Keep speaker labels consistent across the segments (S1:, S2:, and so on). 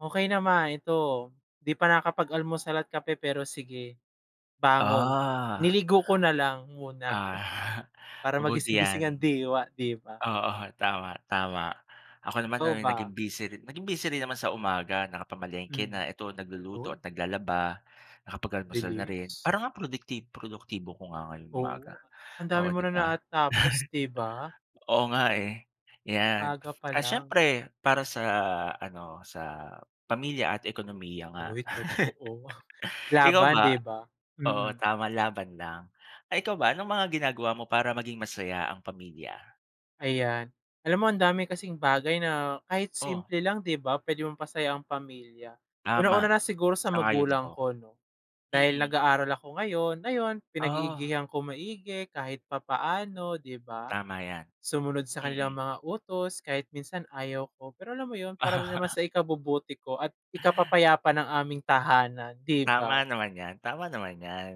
S1: Okay naman, ito 'di pa nakapag-almusal at kape pero sige, bangon.
S2: Ah.
S1: Niligo ko na lang muna
S2: Ah
S1: para
S2: mabuti
S1: magising-gising ang
S2: yan.
S1: diwa, 'di ba?
S2: Oo, tama-tama ako naman
S1: Ikaw
S2: ay
S1: ba?
S2: naging busy ri naging busy rin naman sa umaga, nakapamalengke na.
S1: Mm,
S2: Ito nagluluto at
S1: uy!
S2: naglalaba, nakapag-almusal na rin.
S1: Bilis.
S2: Parang nga ang produkti produktibo ko nga ngayong umaga,
S1: Oo, ang
S2: oo,
S1: dami mo
S2: 'di
S1: nang
S2: ba?
S1: na, ah, tapos, 'di ba?
S2: Oo nga, eh, yan.
S1: Maaga pa
S2: Ah,
S1: lang.
S2: siyempre para sa ano sa, ah, pamilya at ekonomiya nga.
S1: Uy totoo!
S2: Ikaw
S1: Laban, 'di
S2: ba?
S1: ba?
S2: Oo,
S1: Mm.
S2: tama, laban lang. Eh, ikaw ba anong mga ginagawa mo para maging masaya ang pamilya?
S1: Ayan, alam mo ang dami kasing bagay na kahit
S2: Oh?
S1: simple lang, 'di ba pwedeng mapasaya ang pamilya?
S2: Tama,
S1: Unang-una na siguro sa
S2: sang-ayon ako.
S1: magulang ko no dahil
S2: Mm.
S1: nag-aaral ako ngayon. Ayon
S2: Ah.
S1: pinag-iigihan ko maigi kahit papaano, 'di ba?
S2: Tama yan,
S1: Sumunod sa kanilang
S2: mm.
S1: mga utos kahit minsan ayaw ko, pero alam mo yun para rin naman sa ikabubuti ko at ikapapayapa ng aming tahanan, 'di
S2: Tama
S1: ba?
S2: naman yan, tama naman yan.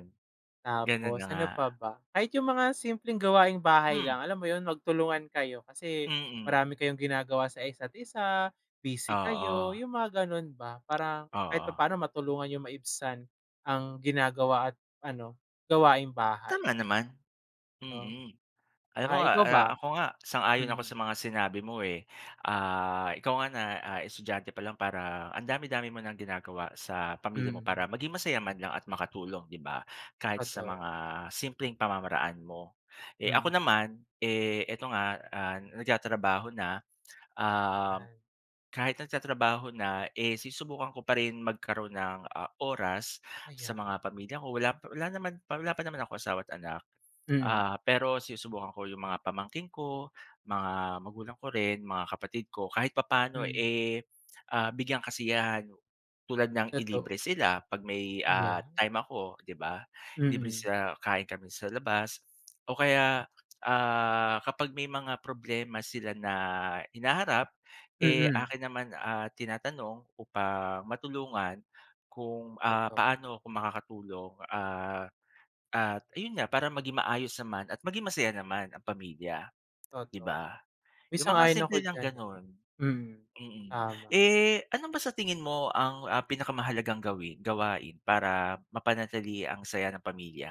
S2: Ganun na
S1: Tapos
S2: nga.
S1: ano pa ba? Kahit yung mga simpleng gawaing bahay
S2: Hmm.
S1: lang, alam mo yun magtulungan kayo, kasi
S2: Mm.
S1: marami kayong ginagawa sa isa't-isa, busy kayo,
S2: Oo.
S1: yung mga ganun ba parang kahit
S2: Oo.
S1: papaano matulungan n'yong maibsan ang ginagawa at ano gawaing bahay.
S2: Tama naman,
S1: Oh,
S2: mm. Alam mo
S1: ah
S2: nga
S1: ikaw
S2: a
S1: ba?
S2: ako nga sang-ayon ako
S1: Mm.
S2: sa mga sinabi mo eh, ah, ikaw nga na, ah, estudyante pa lang parang ang dami-dami mo ng ginagawa sa pamilya mo para
S1: Hmm.
S2: maging masaya man lang at makatulong, 'di ba? Kahit sa
S1: Totoo.
S2: mga simpleng pamamaraan mo. Eh,
S1: Hmm.
S2: ako naman, eh, ito nga, ah, nagtatrabaho na, um,
S1: Ah.
S2: kahit nagtatrabaho na, eh, sinusubukan ko pa rin magkaroon ng, ah, oras sa
S1: Ayan.
S2: mga pamilya ko wala p wala naman, wala pa naman akong asawa at anak,
S1: Hmm.
S2: ah, pero sinusubukan ko yung mga pamangkin ko, mga magulang ko rin, mga kapatid ko kahit papaano
S1: Hmm.
S2: eh, ah, bigyang kasiyahan, tulad ng ilibre
S1: Totoo.
S2: sila 'pag may,
S1: Yeah.
S2: ah, time ako, di ba? Libre
S1: Mm.
S2: sila, kain kami sa labas o kaya, ah, kapag may mga problema sila na hinaharap, eh,
S1: Mm.
S2: akin naman, ah, tinatanong upang, matulungan kung, ah,
S1: Toto
S2: paano kung makakatulong, ah, at ayun nga para maging maayos naman at maging masaya naman ang pamilya, 'di
S1: Totoo.
S2: ba?
S1: Uy,
S2: Yung mga
S1: sang-ayon ako
S2: simple lang
S1: diyan eh,
S2: ganon.
S1: mm,
S2: Mm.
S1: tama.
S2: Eh ano ba sa tingin mo ang, ah, pinakamahalagang gawi gawain para mapanatili ang saya ng pamilya?